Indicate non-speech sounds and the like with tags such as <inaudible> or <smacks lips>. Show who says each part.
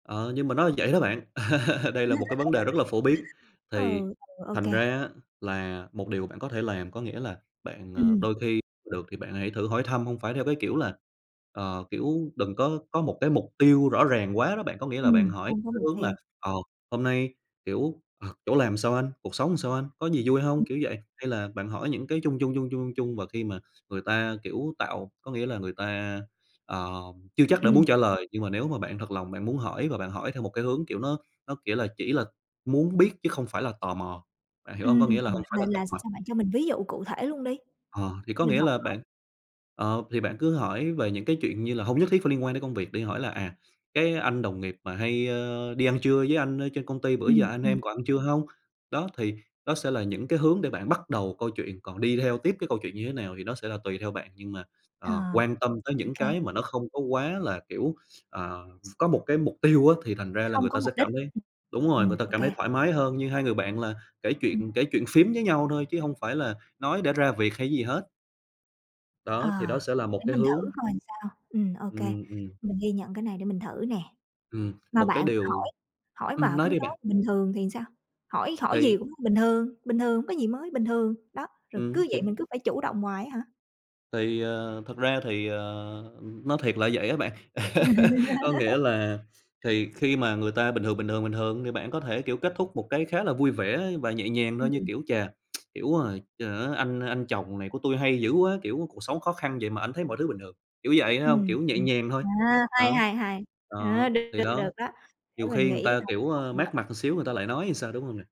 Speaker 1: Ờ, nhưng mà nó vậy đó bạn. Ờ. Đây là một cái vấn đề rất là phổ biến,
Speaker 2: <laughs>
Speaker 1: thì
Speaker 2: Ừ, ô
Speaker 1: thành
Speaker 2: kê.
Speaker 1: ra á, là một điều bạn có thể làm có nghĩa là bạn, ờ,
Speaker 2: Ừm.
Speaker 1: đôi khi được thì bạn hãy thử hỏi thăm, hông phải theo cái kiểu là ờ, kiểu đừng có có một cái mục tiêu rõ ràng quá đó bạn. Có nghĩa là bạn
Speaker 2: Ừm,
Speaker 1: hỏi
Speaker 2: không có
Speaker 1: cái
Speaker 2: mục
Speaker 1: hướng là,
Speaker 2: tiêu.
Speaker 1: ờ, "Hôm nay, kiểu, ờ, chỗ làm sao anh?", "Cuộc sống sao anh?", "Có gì vui
Speaker 2: Ừm.
Speaker 1: hông?", kiểu vậy. Hay là bạn hỏi những cái chung chung, chung chung, chung chung và khi mà người ta, kiểu, tạo có nghĩa là người ta, ờ, chưa chắc đã
Speaker 2: Ừm.
Speaker 1: muốn trả lời, nhưng mà nếu mà bạn thật lòng bạn muốn hỏi và bạn hỏi theo một cái hướng kiểu nó nó kiểu là chỉ là muốn biết chứ không phải là tò mò, bạn hiểu hông?
Speaker 2: Ừm,
Speaker 1: Có nghĩa là
Speaker 2: ờ,
Speaker 1: hông phải
Speaker 2: là
Speaker 1: là tọc
Speaker 2: là
Speaker 1: mạch.
Speaker 2: sao? Bạn cho mình ví dụ cụ thể luôn đi,
Speaker 1: Ờ, thì có
Speaker 2: mình
Speaker 1: nghĩa
Speaker 2: học
Speaker 1: là
Speaker 2: hỏi.
Speaker 1: bạn ờ, thì bạn cứ hỏi về những cái chuyện như là hông nhất thiết phải liên quan đến công việc đi, hỏi là "À, cái anh đồng nghiệp mà hay đi ăn trưa với anh ở trên công ty, bữa giờ
Speaker 2: Ừm,
Speaker 1: anh em
Speaker 2: ừm.
Speaker 1: còn ăn trưa hông?" Đó, thì đó sẽ là những cái hướng để bạn bắt đầu câu chuyện, còn đi theo tiếp cái câu chuyện như thế nào thì nó sẽ là tùy theo bạn. Nhưng mà,
Speaker 2: Ờ,
Speaker 1: ờ, quan tâm tới
Speaker 2: ô
Speaker 1: những
Speaker 2: kê.
Speaker 1: cái mà nó không có quá là, kiểu, ờ, có một cái mục tiêu á, thì thành ra là người
Speaker 2: Không có
Speaker 1: ta sẽ
Speaker 2: mục đích.
Speaker 1: cảm thấy đúng rồi, người
Speaker 2: Ừm,
Speaker 1: ta
Speaker 2: ô
Speaker 1: cảm thấy
Speaker 2: kê.
Speaker 1: thoải mái hơn như hai người bạn là kể
Speaker 2: Ừm.
Speaker 1: chuyện kể chuyện phiếm với nhau thôi, chứ hông phải là nói để ra việc hay gì hết.
Speaker 2: Ờ,
Speaker 1: Đó, thì đó sẽ là một
Speaker 2: để
Speaker 1: cái
Speaker 2: mình thử
Speaker 1: hướng.
Speaker 2: coi sao. Ừm, ô kê,
Speaker 1: Ừm, ừm.
Speaker 2: mình ghi nhận cái này, để mình thử nè.
Speaker 1: Ừm,
Speaker 2: Mà
Speaker 1: một cái
Speaker 2: bạn,
Speaker 1: điều
Speaker 2: hỏi hỏi
Speaker 1: ừm,
Speaker 2: mà cứ
Speaker 1: nói đi
Speaker 2: nói
Speaker 1: bạn.
Speaker 2: "bình thường" thì sao? Hỏi hỏi gì
Speaker 1: Thì
Speaker 2: cũng "bình thường, bình thường", "không có gì mới", "bình thường", đó. Rồi
Speaker 1: Ừm,
Speaker 2: cứ
Speaker 1: thì
Speaker 2: vậy, mình cứ phải chủ động hoài á hả?
Speaker 1: Thì, ờ, thật ra thì, ờ, nói thiệt là vậy á bạn. <laughs> Có nghĩa
Speaker 2: <laughs>
Speaker 1: là thì khi mà người ta "bình thường, bình thường, bình thường", thì bạn có thể, kiểu, kết thúc một cái khá là vui vẻ và nhẹ nhàng thôi, như
Speaker 2: Ừm.
Speaker 1: kiểu: "Chà! <smacks lips> Hiểu rồi. Chờ á anh anh chồng này của tui hay dữ quá!", kiểu "Cuộc sống khó khăn vậy mà ảnh thấy mọi thứ bình thường." Kiểu vậy h hông,
Speaker 2: Ừm,
Speaker 1: kiểu nhẹ
Speaker 2: ừm.
Speaker 1: nhàng thôi.
Speaker 2: À, hay,
Speaker 1: Đó.
Speaker 2: hay, hay!
Speaker 1: Đó,
Speaker 2: Ờ, được
Speaker 1: thì
Speaker 2: được
Speaker 1: đó.
Speaker 2: đó, để
Speaker 1: Nhiều
Speaker 2: mình
Speaker 1: khi người
Speaker 2: nghĩ
Speaker 1: ta kiểu,
Speaker 2: coi
Speaker 1: ờ,
Speaker 2: <unintelligible>
Speaker 1: mát mặt một xíu người ta lại nói thì sao, đúng không nè?